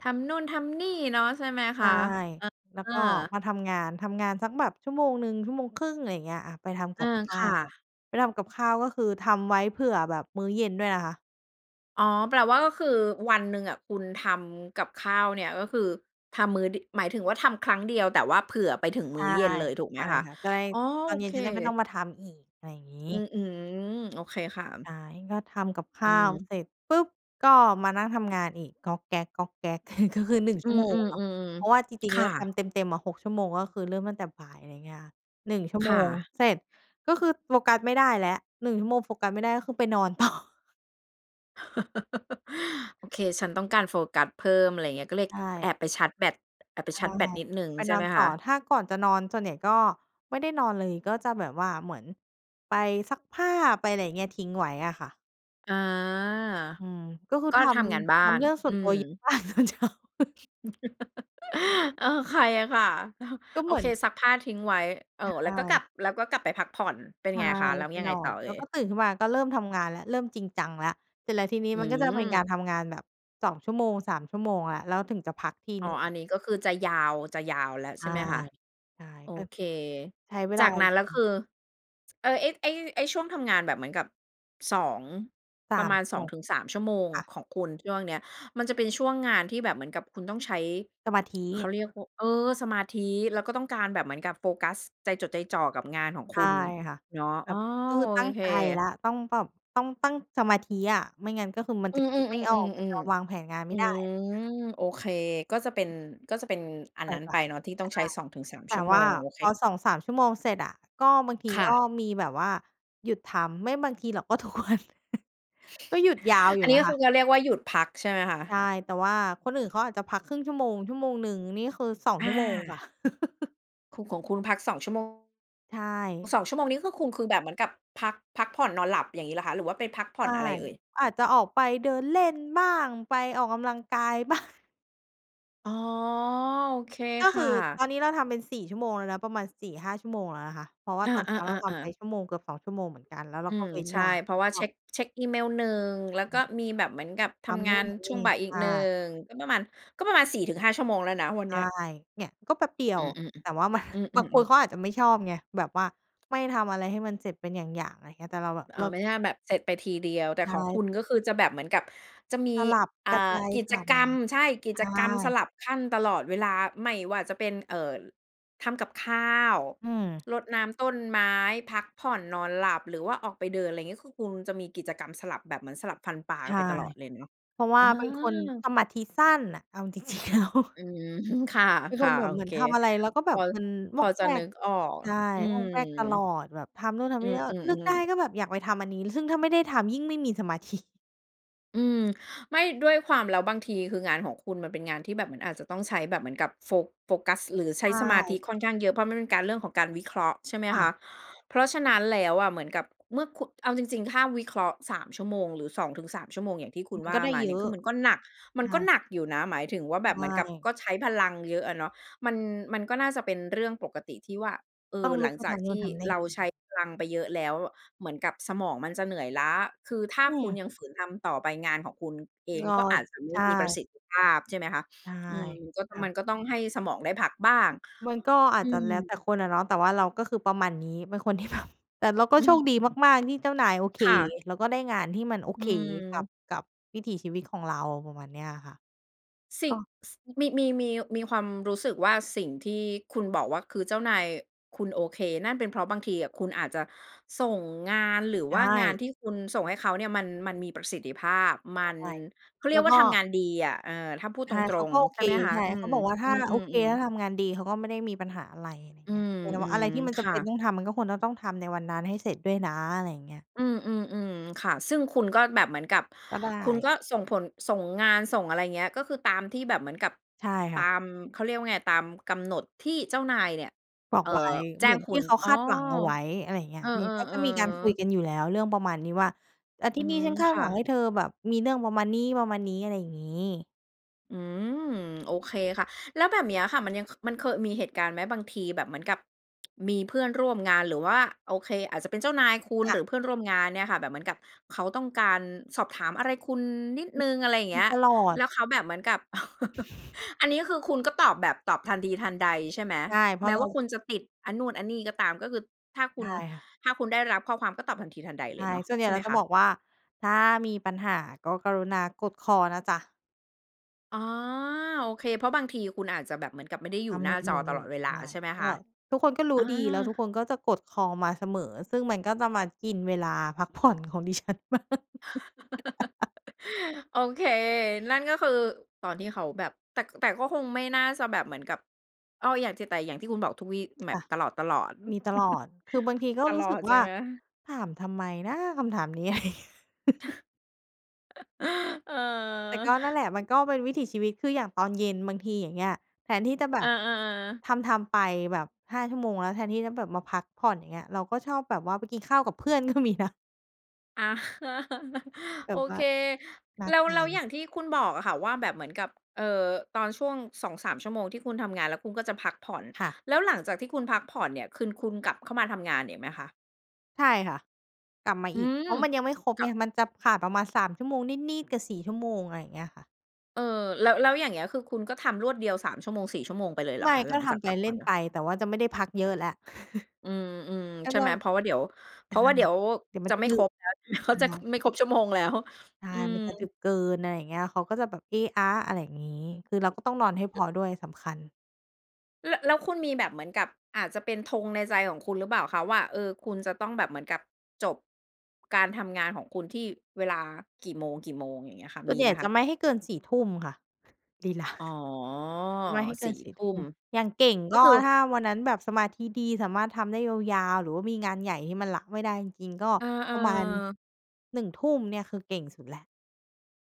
[SPEAKER 1] ทำนู่นทำนี่เนาะใช่ไหม
[SPEAKER 2] ใ
[SPEAKER 1] ค
[SPEAKER 2] ช่
[SPEAKER 1] ะ?
[SPEAKER 2] แล้
[SPEAKER 1] อะ เ
[SPEAKER 2] ว
[SPEAKER 1] อ
[SPEAKER 2] ก็
[SPEAKER 1] อ
[SPEAKER 2] มาทำงาน ทำงานสักแบบ ชั่วโมงหนึ่ง ชั่วโมงครึ่ง อะไรอย่างเงี้ย อะ ไปทำ
[SPEAKER 1] เอ
[SPEAKER 2] กั
[SPEAKER 1] อ
[SPEAKER 2] บข
[SPEAKER 1] ค
[SPEAKER 2] ้า
[SPEAKER 1] ่
[SPEAKER 2] ว
[SPEAKER 1] ะ
[SPEAKER 2] ไปทำกับข้าวก็คือทำไว้เผื่อแบบมื้อเย็นด้วยนะคะ
[SPEAKER 1] อ๋อ แปลว่า ก็คือวันหนึ่งอะคุณทำกับข้าวเนี่ย ก็คือทำมื้อดึก หมายถึงว่าทำครั้งเดียว แต่ว่าเผื่อไปถึง
[SPEAKER 2] ใช
[SPEAKER 1] มื้
[SPEAKER 2] ่
[SPEAKER 1] อเย็นเลยถูกไ
[SPEAKER 2] ใช
[SPEAKER 1] หม
[SPEAKER 2] ่
[SPEAKER 1] คะ?
[SPEAKER 2] ค่ะ จะได้
[SPEAKER 1] อ๋อ
[SPEAKER 2] ต
[SPEAKER 1] โ
[SPEAKER 2] อ
[SPEAKER 1] อ
[SPEAKER 2] นเย็
[SPEAKER 1] เค
[SPEAKER 2] นจะได้ไม่ต้องมาทำอีก อะไรอย่างงี
[SPEAKER 1] อื
[SPEAKER 2] ้
[SPEAKER 1] อ อือ โอเคค่ะ
[SPEAKER 2] ใช่ ก็ทำกับข
[SPEAKER 1] อื
[SPEAKER 2] ้าว
[SPEAKER 1] ม
[SPEAKER 2] เสร็จปุ๊บ ก็มานั่งทำงานอีก ก๊อกแก๊ก ๆ ก็คือ หนึ่ง
[SPEAKER 1] อ
[SPEAKER 2] ช
[SPEAKER 1] ื
[SPEAKER 2] ั่วโมงเนาะ
[SPEAKER 1] อ
[SPEAKER 2] เพราะว่า
[SPEAKER 1] ๆ
[SPEAKER 2] จริ
[SPEAKER 1] ๆ
[SPEAKER 2] ง
[SPEAKER 1] ค
[SPEAKER 2] ๆ แล้
[SPEAKER 1] ่
[SPEAKER 2] ว ท
[SPEAKER 1] ะ
[SPEAKER 2] ำเต็ม ๆ อะ หก ชั่วโมง ก็คือเริ่มตั้งแต่บ่าย อะไรเงี้ยค่ะ หนึ่ง ชั่ว
[SPEAKER 1] ค
[SPEAKER 2] โม
[SPEAKER 1] ่
[SPEAKER 2] ง
[SPEAKER 1] ะ
[SPEAKER 2] เสร็จ ก็คือโฟกัสไม่ได้แล้ว หนึ่ง ชั่วโมงโฟกัสไม่ได้ ก็คือไปนอน ต่อ
[SPEAKER 1] โอเค ฉันต้องการโฟกัสเพิ่ม อะไรอย่างเงี้ย ก็เลย
[SPEAKER 2] ใช่
[SPEAKER 1] แอบไปชาร์จแบต แอบไป
[SPEAKER 2] ใช
[SPEAKER 1] ชาร์จ
[SPEAKER 2] ่
[SPEAKER 1] แบตนิดหนึ่ง
[SPEAKER 2] ไป
[SPEAKER 1] ใช
[SPEAKER 2] น
[SPEAKER 1] ่
[SPEAKER 2] อ
[SPEAKER 1] ไหม
[SPEAKER 2] นต
[SPEAKER 1] ค
[SPEAKER 2] ่
[SPEAKER 1] ะ?
[SPEAKER 2] อ ถ้าก่อนจะนอน ส่วนใหญ่ก็ไม่ได้นอนเลย ก็จะแบบว่าเหมือน ไปซักผ้า ไปอะไรอย่างเงี้ย ทิ้งไว้อะค่ะ
[SPEAKER 1] อา
[SPEAKER 2] อืม ก็คือ
[SPEAKER 1] ก็
[SPEAKER 2] ท
[SPEAKER 1] ทำงานบ้
[SPEAKER 2] ำ ท
[SPEAKER 1] าน
[SPEAKER 2] ำเรื่องส่
[SPEAKER 1] อื
[SPEAKER 2] วนตัว
[SPEAKER 1] ม
[SPEAKER 2] เยอะมาก ตอนเช้า
[SPEAKER 1] เออ ใครอะค่ะ?
[SPEAKER 2] ก็
[SPEAKER 1] โอ
[SPEAKER 2] เหมื
[SPEAKER 1] เ
[SPEAKER 2] อ
[SPEAKER 1] ค
[SPEAKER 2] น
[SPEAKER 1] ซักผ้าทิ้งไว้ เออ
[SPEAKER 2] ใ
[SPEAKER 1] แ
[SPEAKER 2] ช
[SPEAKER 1] ล้วก็กลั
[SPEAKER 2] ่
[SPEAKER 1] บ แล้วก็กลับไปพักผ่อน เป็น
[SPEAKER 2] ใช
[SPEAKER 1] ไ
[SPEAKER 2] ่
[SPEAKER 1] งคะ? แล้ว
[SPEAKER 2] ไป
[SPEAKER 1] ยังไ
[SPEAKER 2] น
[SPEAKER 1] ง
[SPEAKER 2] อ
[SPEAKER 1] ต่อ
[SPEAKER 2] น
[SPEAKER 1] เ
[SPEAKER 2] แ
[SPEAKER 1] อ่
[SPEAKER 2] ล้วก
[SPEAKER 1] ย?
[SPEAKER 2] ็ตื่นขึ้นมา ก็เริ่มทำงานแล้ว เริ่มจริงจังแล้ว เสร็จแล้วทีนี้
[SPEAKER 1] อื
[SPEAKER 2] มันก็จะเป็นกา
[SPEAKER 1] อ
[SPEAKER 2] รทำงานแบบ สอง ชั่วโมง สาม ชั่วโมงแล้ว แล้วถึงจะพักที
[SPEAKER 1] อ๋อ
[SPEAKER 2] หนึ่
[SPEAKER 1] อ
[SPEAKER 2] ง
[SPEAKER 1] ันนี้ก็คือจะยาว จะยาวแล้ว
[SPEAKER 2] ใ
[SPEAKER 1] ใ
[SPEAKER 2] ช
[SPEAKER 1] ช่
[SPEAKER 2] ่
[SPEAKER 1] ไหมคะ?
[SPEAKER 2] ใช่
[SPEAKER 1] โอ
[SPEAKER 2] ก็
[SPEAKER 1] เค
[SPEAKER 2] ใช้เว
[SPEAKER 1] จ
[SPEAKER 2] ล
[SPEAKER 1] า
[SPEAKER 2] า
[SPEAKER 1] กน
[SPEAKER 2] อี
[SPEAKER 1] ั้
[SPEAKER 2] ก
[SPEAKER 1] นแล้ว คือ เออ ไอ้ ไอ้ ไอ้ช่วงทำงานแบบเหมือนกับสอง
[SPEAKER 2] ส
[SPEAKER 1] ปร
[SPEAKER 2] า
[SPEAKER 1] ะ
[SPEAKER 2] ม
[SPEAKER 1] มาณ
[SPEAKER 2] ชั่
[SPEAKER 1] ส
[SPEAKER 2] วโ
[SPEAKER 1] อ
[SPEAKER 2] ม
[SPEAKER 1] ง
[SPEAKER 2] ง
[SPEAKER 1] ถึงสาม ชั่วโมง
[SPEAKER 2] ค่ะ
[SPEAKER 1] ของคุณช่วงเนี้ย มันจะเป็นช่วงงานที่แบบเหมือนกับคุณต้องใช้
[SPEAKER 2] สมาธิ
[SPEAKER 1] เขาเรียก ว เออ สมาธิ แล้วก็ต้องการแบบเหมือนกับโฟกัส ใจจดใจจ่อกับงานของ
[SPEAKER 2] ใช
[SPEAKER 1] คุ
[SPEAKER 2] ่
[SPEAKER 1] ณ
[SPEAKER 2] ค่ะ
[SPEAKER 1] เนาะ
[SPEAKER 2] แบ
[SPEAKER 1] อ้อ
[SPEAKER 2] บ ก็คื
[SPEAKER 1] โอ
[SPEAKER 2] อตั้ง
[SPEAKER 1] เค
[SPEAKER 2] ใจแล้ว ต้องแบบ ต้องตั้งสมาธิอะ ไม่งั้นก็คือมัน
[SPEAKER 1] อื
[SPEAKER 2] จะคิดไม่ออก มันจะ
[SPEAKER 1] ม ๆ ๆ
[SPEAKER 2] วาง
[SPEAKER 1] ๆ
[SPEAKER 2] แผนงาน
[SPEAKER 1] ๆ
[SPEAKER 2] ไ
[SPEAKER 1] อ
[SPEAKER 2] ม
[SPEAKER 1] ื
[SPEAKER 2] ่
[SPEAKER 1] อ
[SPEAKER 2] ได้ อะไรอย่างเงี้ยค่ะ
[SPEAKER 1] โอเค ก็จะเป็น ก็จะเป็นอัน
[SPEAKER 2] บ
[SPEAKER 1] นั้นไป
[SPEAKER 2] ่าย
[SPEAKER 1] เนา
[SPEAKER 2] ๆ
[SPEAKER 1] ะ ที่
[SPEAKER 2] ใ
[SPEAKER 1] ต
[SPEAKER 2] ช
[SPEAKER 1] ้อ
[SPEAKER 2] ่
[SPEAKER 1] งใช้ สองถึงสาม
[SPEAKER 2] แต
[SPEAKER 1] ชั
[SPEAKER 2] ่
[SPEAKER 1] ่ว
[SPEAKER 2] ว
[SPEAKER 1] โม
[SPEAKER 2] ่า
[SPEAKER 1] ง โอเค
[SPEAKER 2] พอ สองสาม ชั่วโมงเสร็จอะ ก็ บางที
[SPEAKER 1] ค่
[SPEAKER 2] ก็
[SPEAKER 1] ะ
[SPEAKER 2] มีแบบว่าหยุดทำ ไม่บางทีหรอก ก็ทุกวัน ก็หยุดยาวอย
[SPEAKER 1] อ
[SPEAKER 2] ู
[SPEAKER 1] ั
[SPEAKER 2] ่
[SPEAKER 1] นนี
[SPEAKER 2] น
[SPEAKER 1] ้
[SPEAKER 2] ะ
[SPEAKER 1] ก็
[SPEAKER 2] ค
[SPEAKER 1] คือ
[SPEAKER 2] ะ
[SPEAKER 1] เขาเรียกว่า หยุดพักใช่ไหมคะ?
[SPEAKER 2] ใช่ แต่ว่าคนอื่นเขาอาจจะพัก ครึ่ง ชั่วโมง ชั่วโมงหนึ่ง นี่คือ สอง
[SPEAKER 1] อ
[SPEAKER 2] ชั่วโมงค่ะ
[SPEAKER 1] า คุ ของคุณพัก สอง ชั่วโมง
[SPEAKER 2] ใช่
[SPEAKER 1] สอง ชั่วโมงนี่ก็คุณคือแบบเหมือนกับพัก พักผ่อนนอนหลับ อย่างงี้เหรอคะ? หรือว่าไปพักผ่
[SPEAKER 2] ใช
[SPEAKER 1] อน
[SPEAKER 2] ่
[SPEAKER 1] อะไรเอ่ย?
[SPEAKER 2] อาจจะออกไปเดินเล่นบ้าง ไปออกกำลังกาย บ้าง
[SPEAKER 1] อ๋อ โอเค
[SPEAKER 2] ก็
[SPEAKER 1] ค
[SPEAKER 2] ค
[SPEAKER 1] ่
[SPEAKER 2] ือ
[SPEAKER 1] ะ
[SPEAKER 2] ตอนนี้เราทำเป็น สี่ ชั่วโมงแล้วนะ ประมาณ สี่ห้า ชั่วโมงแล้วนะคะ เพราะว่า
[SPEAKER 1] อา
[SPEAKER 2] ตอนเช้า
[SPEAKER 1] ๆ
[SPEAKER 2] เรา
[SPEAKER 1] ๆ
[SPEAKER 2] ท
[SPEAKER 1] ๆ อ
[SPEAKER 2] ำไป
[SPEAKER 1] ะ
[SPEAKER 2] ชั่วโมงเกือบ สอง ชั่วโมงเหมือนกัน แล้วเร
[SPEAKER 1] อ
[SPEAKER 2] า
[SPEAKER 1] ื
[SPEAKER 2] ก็
[SPEAKER 1] ม
[SPEAKER 2] เว้น
[SPEAKER 1] ใช
[SPEAKER 2] ย
[SPEAKER 1] ่
[SPEAKER 2] าว
[SPEAKER 1] เพราะว่า
[SPEAKER 2] ก
[SPEAKER 1] เช
[SPEAKER 2] ็
[SPEAKER 1] ็ก เช็กอีเมลหนึ่ง
[SPEAKER 2] ใช
[SPEAKER 1] แล้
[SPEAKER 2] ่
[SPEAKER 1] วก็มีแบบเหมือนกับท
[SPEAKER 2] ท
[SPEAKER 1] ำ
[SPEAKER 2] ำ
[SPEAKER 1] ง
[SPEAKER 2] น
[SPEAKER 1] า
[SPEAKER 2] ู่น
[SPEAKER 1] น
[SPEAKER 2] ทำ
[SPEAKER 1] ช
[SPEAKER 2] น
[SPEAKER 1] ่วง
[SPEAKER 2] ี่
[SPEAKER 1] บ่ายอี
[SPEAKER 2] ใช
[SPEAKER 1] ก
[SPEAKER 2] ่
[SPEAKER 1] หนึ่ง ก็ประมาณ ก็ประมาณ สี่ถึงห้า ชั่วโมงแล้วนะวัน
[SPEAKER 2] ใช
[SPEAKER 1] เนี
[SPEAKER 2] ่
[SPEAKER 1] ้ย
[SPEAKER 2] เนี่ยก็แป๊บเดีย
[SPEAKER 1] อื
[SPEAKER 2] ว
[SPEAKER 1] อ
[SPEAKER 2] แต่
[SPEAKER 1] ๆ
[SPEAKER 2] ว่า มัน
[SPEAKER 1] ๆ อื
[SPEAKER 2] บา
[SPEAKER 1] อ
[SPEAKER 2] งคน
[SPEAKER 1] ๆ ๆ
[SPEAKER 2] เขาอาจจะไม่ชอบไง แบบว่าไม่ทำอะไรให้มันเสร็จเป็นอย่าง ๆ อะไรเงี้ย แต่เราแบบ
[SPEAKER 1] เอ
[SPEAKER 2] เร
[SPEAKER 1] อ
[SPEAKER 2] า
[SPEAKER 1] ไม่ใช่แบบเสร็จไปทีเดียว แต่
[SPEAKER 2] ใช
[SPEAKER 1] ของคุ
[SPEAKER 2] ่
[SPEAKER 1] ณ ก็คือจะแบบเหมือนกับจะมี
[SPEAKER 2] สลับ
[SPEAKER 1] อ่
[SPEAKER 2] กันไป
[SPEAKER 1] า กิ
[SPEAKER 2] ส
[SPEAKER 1] จ
[SPEAKER 2] ลับ
[SPEAKER 1] กร
[SPEAKER 2] มา
[SPEAKER 1] รม ใช่ กิ
[SPEAKER 2] ใช
[SPEAKER 1] จกรรมส
[SPEAKER 2] ่
[SPEAKER 1] ลับขั้นตลอดเวลา ไม่ว่าจะเป็น เออ ทำกับข้าว
[SPEAKER 2] อืม
[SPEAKER 1] รดน้ำต้นไม้ พักผ่อนนอนหลับ หรือว่าออกไปเดิน อะไรอย่างงี้ คือคุณจะมีกิจกรรมสลับแบบเหมือนสลับฟันปลา
[SPEAKER 2] ใ
[SPEAKER 1] ก
[SPEAKER 2] ช
[SPEAKER 1] ัน
[SPEAKER 2] ่
[SPEAKER 1] ไปตลอดเลยเนาะ
[SPEAKER 2] เพราะว
[SPEAKER 1] เ
[SPEAKER 2] ่
[SPEAKER 1] อ
[SPEAKER 2] าเป็นคน
[SPEAKER 1] อ
[SPEAKER 2] สมาธิสั้นน่ะ เอา จริง ๆ แล้ว
[SPEAKER 1] อืม ค
[SPEAKER 2] เป็นค
[SPEAKER 1] ่ะ
[SPEAKER 2] นแบ
[SPEAKER 1] ๆ โอ
[SPEAKER 2] บเหมือ
[SPEAKER 1] เค
[SPEAKER 2] นทำอะไรแล้วก็แ
[SPEAKER 1] พ
[SPEAKER 2] บบ
[SPEAKER 1] อ
[SPEAKER 2] มันว
[SPEAKER 1] พ
[SPEAKER 2] อ
[SPEAKER 1] อ
[SPEAKER 2] ก
[SPEAKER 1] จะ
[SPEAKER 2] แว
[SPEAKER 1] นึ
[SPEAKER 2] ก
[SPEAKER 1] กออก
[SPEAKER 2] ใช่
[SPEAKER 1] อื
[SPEAKER 2] ว
[SPEAKER 1] ม
[SPEAKER 2] อกแวกตลอดแบบทำนู่นท
[SPEAKER 1] อ
[SPEAKER 2] ำ
[SPEAKER 1] ื
[SPEAKER 2] นี่ แล้วก็แบบนึก
[SPEAKER 1] ม
[SPEAKER 2] ได้
[SPEAKER 1] ๆ ๆ
[SPEAKER 2] ก็แบบอยากไปทำอันนี้ ซึ่งถ้าไม่ได้ทำยิ่งไม่มีสมา ธิ
[SPEAKER 1] อืม ไม่ ด้วยความ แล้วบางที คืองานของคุณมันเป็นงานที่แบบเหมือนอาจจะต้องใช้แบบเหมือนกับโฟ โฟกัส หรือใช
[SPEAKER 2] ใ
[SPEAKER 1] ้
[SPEAKER 2] ช
[SPEAKER 1] สมาธ
[SPEAKER 2] ่
[SPEAKER 1] ิค่อนข้างเยอะ เพราะมันเป็นการ เรื่องของการวิเคราะห์ใช่ไหม
[SPEAKER 2] ค่
[SPEAKER 1] ค
[SPEAKER 2] ะ
[SPEAKER 1] ะ? เพราะฉะนั้นแล้วอะเหมือนกับเมื่อคุ เอาจริง ๆ ถ้าวิเคราะห์ สาม ชั่วโมง หรือ สองถึงสาม ชั่วโมงอย่างที่คุณ
[SPEAKER 2] มัน
[SPEAKER 1] ว่
[SPEAKER 2] ก
[SPEAKER 1] า
[SPEAKER 2] ็ได้
[SPEAKER 1] มา
[SPEAKER 2] เยอ
[SPEAKER 1] เนี่ย
[SPEAKER 2] ะ
[SPEAKER 1] คือมันก็หนัก มั
[SPEAKER 2] ค
[SPEAKER 1] นก
[SPEAKER 2] ่
[SPEAKER 1] ็
[SPEAKER 2] ะ
[SPEAKER 1] หนักอยู่นะ หมายถึงว่าแ
[SPEAKER 2] ใ
[SPEAKER 1] บ
[SPEAKER 2] ช
[SPEAKER 1] บเหมือนกับ
[SPEAKER 2] ่
[SPEAKER 1] ก็ใช้พลังเยอะอะเนาะ มัน มันก็น่าจะเป็นเรื่องปกติที่ว่า เอ
[SPEAKER 2] ต้อ
[SPEAKER 1] อ
[SPEAKER 2] งล
[SPEAKER 1] ห
[SPEAKER 2] ุ
[SPEAKER 1] ลั
[SPEAKER 2] ก
[SPEAKER 1] ง
[SPEAKER 2] ไป
[SPEAKER 1] จ
[SPEAKER 2] ท
[SPEAKER 1] าก
[SPEAKER 2] ำน
[SPEAKER 1] ท
[SPEAKER 2] ู้น
[SPEAKER 1] ี่
[SPEAKER 2] ทำนี่
[SPEAKER 1] เราใช้พลังไปเยอะแล้ว เหมือนกับสมองมันจะเหนื่อยล้า คือถ้า
[SPEAKER 2] อื
[SPEAKER 1] คุณ
[SPEAKER 2] ม
[SPEAKER 1] ยังฝืนทำต่อไปงานของคุณเอ
[SPEAKER 2] ก
[SPEAKER 1] ง
[SPEAKER 2] ็
[SPEAKER 1] ก็อาจจะไม
[SPEAKER 2] ใช
[SPEAKER 1] ่มีประ
[SPEAKER 2] ่
[SPEAKER 1] สิทธิภาพใช่ไหมคะ?
[SPEAKER 2] ใช่
[SPEAKER 1] อืม มันก็
[SPEAKER 2] ค่ะ
[SPEAKER 1] มันก็ต้องให้สมองได้พักบ้าง
[SPEAKER 2] มันก็อา
[SPEAKER 1] อื
[SPEAKER 2] จจะ
[SPEAKER 1] ม
[SPEAKER 2] แล้วแต่คนอะเนาะ แต่ว่าเราก็คือประมาณนี้ เป็นคน ที่แบบ แต่เราก็โชคดีมาก ๆ ที่เจ้านายโอเค
[SPEAKER 1] ค่ะ
[SPEAKER 2] แล้วก็ได้งานที่มันโอ
[SPEAKER 1] อื
[SPEAKER 2] เคกับ
[SPEAKER 1] ม
[SPEAKER 2] กับวิถีชีวิตของเรา ประมาณเนี้ยอะค่ะ
[SPEAKER 1] สิ่
[SPEAKER 2] ก
[SPEAKER 1] ง
[SPEAKER 2] ็
[SPEAKER 1] ส มี มี มี มีความรู้สึกว่า สิ่งที่คุณบอกว่า คือเจ้านายคุณโอเค นั่นเป็นเพราะบางทีคุณอาจจะส่งงาน หรือ
[SPEAKER 2] ใช
[SPEAKER 1] ว่างาน
[SPEAKER 2] ่
[SPEAKER 1] ที่คุณส่งให้เขาเนี่ยมัน มันมีประสิทธิภาพ ม
[SPEAKER 2] ใช
[SPEAKER 1] ัน
[SPEAKER 2] ่
[SPEAKER 1] เขาเร
[SPEAKER 2] แ
[SPEAKER 1] ี
[SPEAKER 2] ล
[SPEAKER 1] ย
[SPEAKER 2] ้
[SPEAKER 1] ก
[SPEAKER 2] ว
[SPEAKER 1] ว่
[SPEAKER 2] ก
[SPEAKER 1] า
[SPEAKER 2] ็
[SPEAKER 1] ทำงานดีอะ เออ ถ้าพูด
[SPEAKER 2] ใช
[SPEAKER 1] ต
[SPEAKER 2] ่ เ
[SPEAKER 1] ร
[SPEAKER 2] ขา
[SPEAKER 1] ง
[SPEAKER 2] ก็โอ
[SPEAKER 1] ๆ ใช
[SPEAKER 2] เ
[SPEAKER 1] ่
[SPEAKER 2] ค
[SPEAKER 1] ไหมคะ?
[SPEAKER 2] ใช่
[SPEAKER 1] อื
[SPEAKER 2] เข
[SPEAKER 1] ม
[SPEAKER 2] าบอกว่าถ
[SPEAKER 1] อ
[SPEAKER 2] ้
[SPEAKER 1] ื
[SPEAKER 2] า โอเค
[SPEAKER 1] ม
[SPEAKER 2] ถ
[SPEAKER 1] ๆ
[SPEAKER 2] ้
[SPEAKER 1] ๆ
[SPEAKER 2] าทำงานดีเขาก็ไม่ได้มีปัญหาอะไร อะไรอย่
[SPEAKER 1] อ
[SPEAKER 2] า
[SPEAKER 1] ื
[SPEAKER 2] งเงี้ย
[SPEAKER 1] ม
[SPEAKER 2] เพียงแต่ว่าอะไรที่มั
[SPEAKER 1] ๆ
[SPEAKER 2] น
[SPEAKER 1] ค
[SPEAKER 2] จำ
[SPEAKER 1] ่
[SPEAKER 2] เ
[SPEAKER 1] ะ
[SPEAKER 2] ป็นต้องทำ มันก็ควรจะต้องทำในวันนั้นให้เสร็จด้วยนะ อะไรอย่างเงี้ย
[SPEAKER 1] อืม ๆ ๆ ค่ะ ซึ่งคุณก็แบบเหมือนกับ
[SPEAKER 2] ก็ได
[SPEAKER 1] คุณ
[SPEAKER 2] ้
[SPEAKER 1] ก็ส่งผล ส่งงาน ส่งอะไรเงี้ย ก็คือตามที่แบบเหมือนกับ
[SPEAKER 2] ใช่
[SPEAKER 1] ต
[SPEAKER 2] ค่
[SPEAKER 1] า
[SPEAKER 2] ะ
[SPEAKER 1] ม เขาเรียกว่าไง ตามกำหนดที่เจ้านายเนี่ย
[SPEAKER 2] บอ
[SPEAKER 1] เอ
[SPEAKER 2] ก
[SPEAKER 1] อ
[SPEAKER 2] ไว้
[SPEAKER 1] แจ
[SPEAKER 2] เ
[SPEAKER 1] ้
[SPEAKER 2] หมื
[SPEAKER 1] ง
[SPEAKER 2] อน
[SPEAKER 1] ค
[SPEAKER 2] ท
[SPEAKER 1] ุ
[SPEAKER 2] ี่
[SPEAKER 1] ณ
[SPEAKER 2] เขา
[SPEAKER 1] อ้อ
[SPEAKER 2] คาดหวังเอาไว้ อะไรอย่างเงี้
[SPEAKER 1] เ
[SPEAKER 2] ย
[SPEAKER 1] ออ
[SPEAKER 2] มันก็จะมีการคุย
[SPEAKER 1] ๆ ๆ
[SPEAKER 2] กันอยู่แล้วเรื่องประมาณนี้ว่า เออ
[SPEAKER 1] อ
[SPEAKER 2] ท
[SPEAKER 1] ื
[SPEAKER 2] ี
[SPEAKER 1] อ
[SPEAKER 2] ่น
[SPEAKER 1] ฮ
[SPEAKER 2] ี่
[SPEAKER 1] ึ
[SPEAKER 2] ฉันคา
[SPEAKER 1] ค
[SPEAKER 2] ด
[SPEAKER 1] ่
[SPEAKER 2] หวัง
[SPEAKER 1] ะ
[SPEAKER 2] ให้เธอแบบมีเรื่องประมาณนี้ ประมาณนี้ อะไรอย่างงี้
[SPEAKER 1] อืม โอเคค่ะ แล้วแบบเนี้ยค่ะมันยัง ค มันเคยมีเหตุการณ์ไหม? บางทีแบบเหมือนกับ มีเพื่อนร่วมงานหรือว่า โอเค อาจจะเป็นเจ้านายคุณ
[SPEAKER 2] ค่
[SPEAKER 1] ห
[SPEAKER 2] ะ
[SPEAKER 1] รือเพื่อนร่วมงานเนี่ยค่ะ แบบเหมือนกับเขาต้องการสอบถามอะไรคุณนิด
[SPEAKER 2] อ
[SPEAKER 1] หนึ่ง อะไรอย่าง
[SPEAKER 2] ม
[SPEAKER 1] เง
[SPEAKER 2] ี
[SPEAKER 1] ี้ย
[SPEAKER 2] ตลอ
[SPEAKER 1] แ
[SPEAKER 2] ด
[SPEAKER 1] ล้วเขาแบบเหมือนกับ อันนี้คือคุณก็ตอบแบบตอบทันทีทันใดใช่ไหม
[SPEAKER 2] ใช่ เพรา
[SPEAKER 1] แม
[SPEAKER 2] ะ
[SPEAKER 1] ้
[SPEAKER 2] เร
[SPEAKER 1] ว
[SPEAKER 2] า
[SPEAKER 1] ่าคุณจะติดอันนู่นอันนี้ก็ตาม ก็คือถ้าค
[SPEAKER 2] ใช
[SPEAKER 1] ุ
[SPEAKER 2] ่
[SPEAKER 1] ณ
[SPEAKER 2] ค่ะ
[SPEAKER 1] ถ้าคุณได้รับข้อความก็ตอบทันทีทันใด
[SPEAKER 2] ใช
[SPEAKER 1] เลย
[SPEAKER 2] ่
[SPEAKER 1] เนาะ
[SPEAKER 2] ส่วนใหญ
[SPEAKER 1] ใช
[SPEAKER 2] ่
[SPEAKER 1] ่
[SPEAKER 2] เ
[SPEAKER 1] ไ
[SPEAKER 2] ร
[SPEAKER 1] ห
[SPEAKER 2] า
[SPEAKER 1] ม
[SPEAKER 2] จะ
[SPEAKER 1] ค
[SPEAKER 2] บ
[SPEAKER 1] ะ?
[SPEAKER 2] อกว่า ถ้ามีปัญหาก็กรุณากดคอลนะจ๊ะ
[SPEAKER 1] อ๋อ โอเค เพราะบางทีคุณอาจจะแบบเหมือนกับไม่ได้อย
[SPEAKER 2] ท
[SPEAKER 1] ู่ห
[SPEAKER 2] ำ
[SPEAKER 1] น้
[SPEAKER 2] อย
[SPEAKER 1] า
[SPEAKER 2] ่าง
[SPEAKER 1] จ
[SPEAKER 2] อ
[SPEAKER 1] อ
[SPEAKER 2] ื่น
[SPEAKER 1] ต
[SPEAKER 2] อย
[SPEAKER 1] ล
[SPEAKER 2] ู
[SPEAKER 1] อ
[SPEAKER 2] ่
[SPEAKER 1] ดเวลา
[SPEAKER 2] ใช่
[SPEAKER 1] ใช่ไหม
[SPEAKER 2] ก
[SPEAKER 1] ค
[SPEAKER 2] ็
[SPEAKER 1] ะ?
[SPEAKER 2] ทุกคนก็รู
[SPEAKER 1] อ
[SPEAKER 2] ้
[SPEAKER 1] า
[SPEAKER 2] ดี แล้วทุกคนก็จะกดคอลมาเสมอ ซึ่งมันก็จะมากินเวลาพักผ่อนของ ดิฉัน
[SPEAKER 1] โอเค นั่นก็คือตอนที่เขาแบบ แต่ แต่ก็คงไม่น่าจะแบบเหมือนกับ เอ้อ อย่างจะ แต่อย่างที่คุณบอกทุกวี่ แบ
[SPEAKER 2] ค่
[SPEAKER 1] บ
[SPEAKER 2] ะ
[SPEAKER 1] ตลอด
[SPEAKER 2] มีต
[SPEAKER 1] ๆ
[SPEAKER 2] ลอด คือบางทีก็
[SPEAKER 1] ต
[SPEAKER 2] รู
[SPEAKER 1] ล
[SPEAKER 2] ้
[SPEAKER 1] อ
[SPEAKER 2] สึก
[SPEAKER 1] ดใ
[SPEAKER 2] ว
[SPEAKER 1] ช่
[SPEAKER 2] ่า
[SPEAKER 1] ไหม?
[SPEAKER 2] ถามทำไมนะ คำถามเนี้ย?
[SPEAKER 1] เออ
[SPEAKER 2] แต่ก็นั่นแหละมันก็เป็นวิถีชีวิต คืออย่างตอนเย็นบางที อย่างเงี้ย แทนที่จะแบ
[SPEAKER 1] อา
[SPEAKER 2] บ
[SPEAKER 1] ๆ ๆ
[SPEAKER 2] ทำ ๆ ไปแบบ ห้า ชั่วโมง แล้วแทนที่จะแบบมาพักผ่อน อย่างเงี้ย เราก็ชอบแบบว่าไปกินข้าวกับเพื่อน ก็มีนะ
[SPEAKER 1] อา
[SPEAKER 2] แบ
[SPEAKER 1] โอ
[SPEAKER 2] บว่
[SPEAKER 1] เค
[SPEAKER 2] า พั
[SPEAKER 1] แ
[SPEAKER 2] ก
[SPEAKER 1] ล้ว
[SPEAKER 2] งา
[SPEAKER 1] แล้วอ
[SPEAKER 2] น
[SPEAKER 1] ย่างที่คุณบอกอะค่ะว่า แบบเหมือนกับ เอ่อ ตอนช่วง สองสาม ชั่วโมงที่คุณทำงาน แล้วคุณก็จะพักผ่อน
[SPEAKER 2] ค่ะ
[SPEAKER 1] แล้วหลังจากที่คุณพักผ่อนเนี่ย คืนคุณกลับเข้ามาทำงานอีกไหมคะ?
[SPEAKER 2] ใช่ค่ะ กลับมา
[SPEAKER 1] อื
[SPEAKER 2] อีก เ
[SPEAKER 1] ม
[SPEAKER 2] พราะมันยังไม่ครบ
[SPEAKER 1] กลั
[SPEAKER 2] ไง
[SPEAKER 1] บ
[SPEAKER 2] มันจะขาดประมาณ สาม ชั่วโมงนิด ๆ เกือบ สี่ ชั่วโมง อะไรอย่างเงี้ยค่ะ
[SPEAKER 1] เออ แล้ว แล้วอย่างเงี้ย คือคุณก็ทำรวดเดียว สาม ชั่วโมง สี่ ชั่วโมงไปเลยเหร
[SPEAKER 2] ไม
[SPEAKER 1] อ
[SPEAKER 2] ่
[SPEAKER 1] คะ
[SPEAKER 2] ถ
[SPEAKER 1] ห
[SPEAKER 2] ้
[SPEAKER 1] ลั
[SPEAKER 2] า
[SPEAKER 1] ง
[SPEAKER 2] ท
[SPEAKER 1] จาก
[SPEAKER 2] ำไป
[SPEAKER 1] พักผ
[SPEAKER 2] เล
[SPEAKER 1] ่
[SPEAKER 2] ่
[SPEAKER 1] อน
[SPEAKER 2] น
[SPEAKER 1] แล้
[SPEAKER 2] ไ
[SPEAKER 1] ว?
[SPEAKER 2] ป แต่ว่าจะไม่ได้พักเยอะแล้ว
[SPEAKER 1] อือ
[SPEAKER 2] ก็
[SPEAKER 1] ๆ ใช่
[SPEAKER 2] ต้
[SPEAKER 1] ไห
[SPEAKER 2] อ
[SPEAKER 1] ม
[SPEAKER 2] ง
[SPEAKER 1] เพราะว่าเดี๋ยว เพราะว่าเดี๋ยว
[SPEAKER 2] ใช่ เดี๋ยวม
[SPEAKER 1] จ
[SPEAKER 2] ัน
[SPEAKER 1] ะ
[SPEAKER 2] จะ
[SPEAKER 1] ไม่
[SPEAKER 2] ดึ
[SPEAKER 1] คร
[SPEAKER 2] ก
[SPEAKER 1] บแล้ว เดี๋ยวเข
[SPEAKER 2] อ
[SPEAKER 1] า
[SPEAKER 2] ะ
[SPEAKER 1] จะ
[SPEAKER 2] ฮ
[SPEAKER 1] ค
[SPEAKER 2] ะ
[SPEAKER 1] ไม่ครบชั่วโมงแล้ว
[SPEAKER 2] ใช่
[SPEAKER 1] อืม
[SPEAKER 2] มันจะดึกเกิน อะไรอย่างเงี้ย เขาก็จะแบบ เอ๊ะ อ๊ะ อะไรอย่างงี้ คือเราก็ต้องนอนให้พอ
[SPEAKER 1] เออ
[SPEAKER 2] ด้วย สำคัญ
[SPEAKER 1] แล้ว แล้วคุณมีแบบเหมือนกับอาจจะเป็นธงในใจของคุณหรือเปล่าคะว่า เออ คุณจะต้องแบบเหมือนกับจบ การทำงานของคุณที่เวลากี่โมง ๆ อย่างเงี้ยค่ะ
[SPEAKER 2] ส่
[SPEAKER 1] ม
[SPEAKER 2] วน
[SPEAKER 1] ี
[SPEAKER 2] ให
[SPEAKER 1] ไ
[SPEAKER 2] ญ
[SPEAKER 1] ห
[SPEAKER 2] ่
[SPEAKER 1] มค
[SPEAKER 2] จะ
[SPEAKER 1] ะ?
[SPEAKER 2] ไม่ให้เกิน สี่ ทุ่มค่ะ รีแลกซ
[SPEAKER 1] อ๋อ
[SPEAKER 2] ์ จะไม่ให้เก
[SPEAKER 1] ส
[SPEAKER 2] ิ
[SPEAKER 1] ี่
[SPEAKER 2] น สี่
[SPEAKER 1] ท
[SPEAKER 2] ท
[SPEAKER 1] ุ่
[SPEAKER 2] ุ่
[SPEAKER 1] ม
[SPEAKER 2] ม อย่างเก่ง
[SPEAKER 1] ก็
[SPEAKER 2] ก็
[SPEAKER 1] คือ
[SPEAKER 2] ถ้าวันนั้นแบบสมาธิดี สามารถทำได้ยาว ๆ หรือว่ามีงานใหญ่ที่มันละไม่ได้จริง ๆ ก็
[SPEAKER 1] อ
[SPEAKER 2] ป
[SPEAKER 1] า
[SPEAKER 2] ระมาณ
[SPEAKER 1] ๆ
[SPEAKER 2] หนึ่ง ทุ่มเนี่ย คือเก่งสุดแล้ว